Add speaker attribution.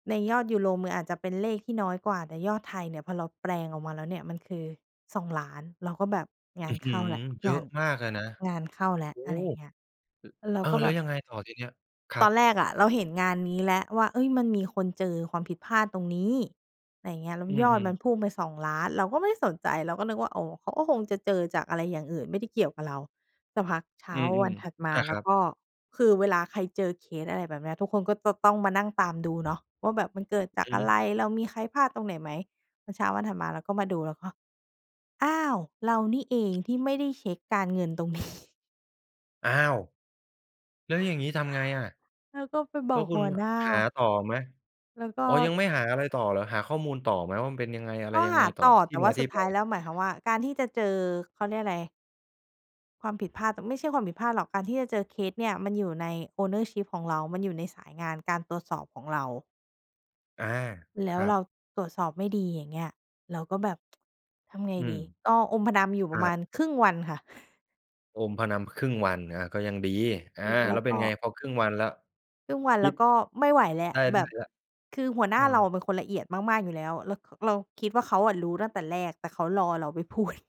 Speaker 1: ในยอดยูโร มืออาจจะเป็นเลขที่น้อยกว่า แต่ยอดไทยเนี่ยพอเราแปลงออกมาแล้วเนี่ย มันคือ 2,000,000 เราก็แบบง
Speaker 2: อ
Speaker 1: า
Speaker 2: ื้
Speaker 1: น
Speaker 2: อฮ
Speaker 1: เ
Speaker 2: ื
Speaker 1: ข้า
Speaker 2: อ!
Speaker 1: แล้ว
Speaker 2: เยอ
Speaker 1: งา
Speaker 2: ะ
Speaker 1: น
Speaker 2: มากเลยนะ
Speaker 1: งานเข้าแล้ว
Speaker 2: โอ้!
Speaker 1: อะไรอย่
Speaker 2: ล
Speaker 1: างเงี้ย เรา
Speaker 2: เอ่อ
Speaker 1: ก็
Speaker 2: แ
Speaker 1: แ
Speaker 2: ล
Speaker 1: บ
Speaker 2: ้ว
Speaker 1: บ
Speaker 2: ยังไงต่อทีนี้? คร
Speaker 1: ต
Speaker 2: ั
Speaker 1: อน
Speaker 2: บ
Speaker 1: แรกอะ เราเห็นงานนี้แหละว่า เฮ้ย มันมีคนเจอความผิดพลาดตรงนี้ ไรอย่างเงี้ย แล้ว
Speaker 2: อื
Speaker 1: ยอด
Speaker 2: อ
Speaker 1: มั
Speaker 2: ๆ
Speaker 1: นพุ่งไป 2,000,000 เราก็ไม่ได้สนใจ เราก็นึกว่า อ๋อ เขาก็คงจะเจอจากอะไรอย่างอื่น ไม่ได้เกี่ยวกับเรา สักพักเช้
Speaker 2: อ
Speaker 1: า
Speaker 2: ื
Speaker 1: วั
Speaker 2: ม
Speaker 1: นถัดม
Speaker 2: ๆ
Speaker 1: า
Speaker 2: อา
Speaker 1: แล
Speaker 2: ค
Speaker 1: ้
Speaker 2: ร
Speaker 1: ว
Speaker 2: ับ
Speaker 1: ก็คือเวลาใครเจอเคสอะไรแบบนี้ ทุกคนก็จะต้องมานั่งตามดูเนาะว่าแบบ "มันเกิดจาก
Speaker 2: อือ
Speaker 1: อะ
Speaker 2: ฮ
Speaker 1: ไ
Speaker 2: ึ
Speaker 1: ร? เรามีใครพลาดตรงไหนไหม?" แล้วเช้าวันถัดมาเราก็มาดูแล้วก็ "อ้าว! เรานี่เองที่ไม่ได้เช็กการเงินตรง นี้"
Speaker 2: อ้าว! แล้วอย่างงี้ทำไงอะ
Speaker 1: แล้วก็ไปบ
Speaker 2: แล้
Speaker 1: อ
Speaker 2: ว
Speaker 1: ก
Speaker 2: คุ
Speaker 1: ห
Speaker 2: ณ
Speaker 1: ัวหน้า
Speaker 2: หาต่อไหม?
Speaker 1: แล้วก็
Speaker 2: อ๋อ ยังไม่หาอะไรต่อเหรอ หาข้อมูลต่อไหมว่า มันเป็นยังไงอะไร
Speaker 1: ก็
Speaker 2: ยัง
Speaker 1: ห
Speaker 2: ไง
Speaker 1: า
Speaker 2: ต่อ
Speaker 1: ต่อ
Speaker 2: ท
Speaker 1: แ
Speaker 2: ี
Speaker 1: ต
Speaker 2: ่
Speaker 1: ่
Speaker 2: ม
Speaker 1: ว่
Speaker 2: า
Speaker 1: า
Speaker 2: ท
Speaker 1: ส
Speaker 2: ี
Speaker 1: ุ
Speaker 2: ่
Speaker 1: ด
Speaker 2: ไ
Speaker 1: ท
Speaker 2: ป?
Speaker 1: ้ายแล้ว หมายความว่าการที่จะเจอ เขาเรียกอะไร ความผิดพลาด ไม่ใช่ความผิดพลาดหรอก การที่จะเจอเคสเนี่ย มันอยู่ใน Ownership ของเรา มันอยู่ในสายงานการตรวจสอบของเรา
Speaker 2: อา
Speaker 1: แล
Speaker 2: ค
Speaker 1: ้ว
Speaker 2: รั
Speaker 1: เรา
Speaker 2: บ
Speaker 1: ตรวจสอบไม่ดี อย่างเงี้ย เราก็แบบ ทำไง
Speaker 2: อื
Speaker 1: ด
Speaker 2: ม
Speaker 1: ี ก็อมพนำ อยู่
Speaker 2: ค
Speaker 1: ปร
Speaker 2: ร
Speaker 1: ะ
Speaker 2: ั
Speaker 1: มา
Speaker 2: บ
Speaker 1: ณครึ่งวันค่ะ
Speaker 2: อมพะนำครึ่งวัน อ่า ก็ยังดี อา
Speaker 1: แล
Speaker 2: แ
Speaker 1: ้
Speaker 2: ล้
Speaker 1: ว
Speaker 2: วเป็
Speaker 1: ก
Speaker 2: น
Speaker 1: ็
Speaker 2: ไง พอครึ่งวันแล้ว
Speaker 1: ครึ่งวัน
Speaker 2: ค
Speaker 1: เร
Speaker 2: ิ
Speaker 1: า
Speaker 2: ด
Speaker 1: ก็ไม่ไหวแล้
Speaker 2: ไ
Speaker 1: ว
Speaker 2: ด้
Speaker 1: แ
Speaker 2: ได
Speaker 1: บ
Speaker 2: ้
Speaker 1: บ
Speaker 2: แล้ว
Speaker 1: คือหัวหน
Speaker 2: เอ
Speaker 1: ้าเราอ
Speaker 2: อ
Speaker 1: ะเป็นคนละเอียดมาก ๆ อยู่แล้ว ร เราคิดว่า เขาอะรู้ตั้งแต่แรก แต่เขารอเราไป พูด